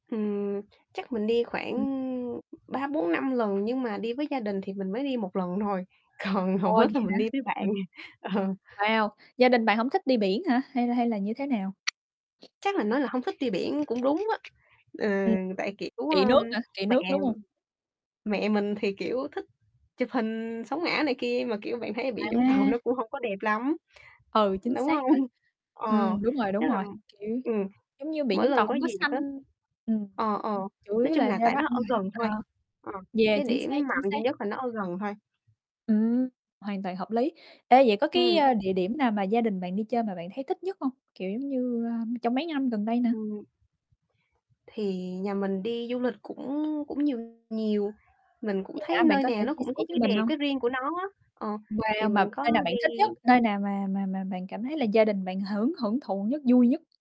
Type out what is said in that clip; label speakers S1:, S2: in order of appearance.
S1: Ừm, chắc mình đi khoảng
S2: Ừm.
S1: 3-4-5 lần, nhưng mà đi với gia đình thì mình mới đi 1 lần thôi. Còn hầu
S2: Ồ, vậy
S1: hết là
S2: hả?
S1: mình đi với bạn.
S2: Ừm.
S1: Ờ.
S2: Wow, gia đình bạn hổng thích đi biển hả? Hay là hay là như thế nào?
S1: Chắc là, nói là hông thích đi biển cũng đúng á. Ừ,
S2: Ừm.
S1: tại kiểu,
S2: Kị
S1: ơ,
S2: nước hả? Kị
S1: mẹ
S2: nước, đúng hông?
S1: mẹ mình thì, kiểu, thích chụp hình sống ảo này kia. Mà kiểu bạn thấy ở biển Vũng Tàu nó
S2: À.
S1: cũng hông có đẹp lắm,
S2: Ừ, chính
S1: đúng
S2: xác ha.
S1: không? Ờ,
S2: Ừm, đúng rồi,
S1: tức
S2: đúng
S1: là
S2: rồi, kiểu,
S1: ừm,
S2: giống như biển
S1: mỗi
S2: Vũng Tàu
S1: lần có
S2: hông có
S1: dịp
S2: xanh.
S1: á
S2: Ừm,
S1: ờ, ờ,
S2: chủ
S1: nói
S2: yếu
S1: chung
S2: là
S1: là
S2: ra
S1: tại
S2: đó
S1: nó
S2: ăn
S1: ở
S2: [unintelligible]
S1: gần thôi,
S2: ờ,
S1: ờ,
S2: yeah,
S1: cái
S2: chính
S1: điểm
S2: xác, chính
S1: mạnh duy
S2: xác.
S1: nhất là nó ở gần thôi.
S2: Ừm, hoàn toàn hợp lý. Ê vậy có cái,
S1: Ừm.
S2: a, địa điểm nào mà gia đình bạn đi chơi mà bạn thấy thích nhất hông? Kiểu giống như, a, trong mấy năm gần đây nè?
S1: Ừm. Thì nhà mình đi du lịch cũng cũng nhiều nhiều. Mình cũng
S2: Vậy
S1: thấy
S2: hả, bạn
S1: nơi
S2: có thể
S1: nào nó
S2: chia
S1: cũng
S2: sẻ
S1: có
S2: cho
S1: cái
S2: mình
S1: đẹp,
S2: không?
S1: cái riêng của nó á, ờ, thì
S2: Wow! Mà
S1: mình có
S2: nơi nào bạn
S1: đi
S2: thích nhất? Nơi nào mà mà mà bạn cảm thấy là gia đình bạn hưởng hưởng thụ nhất, vui nhất?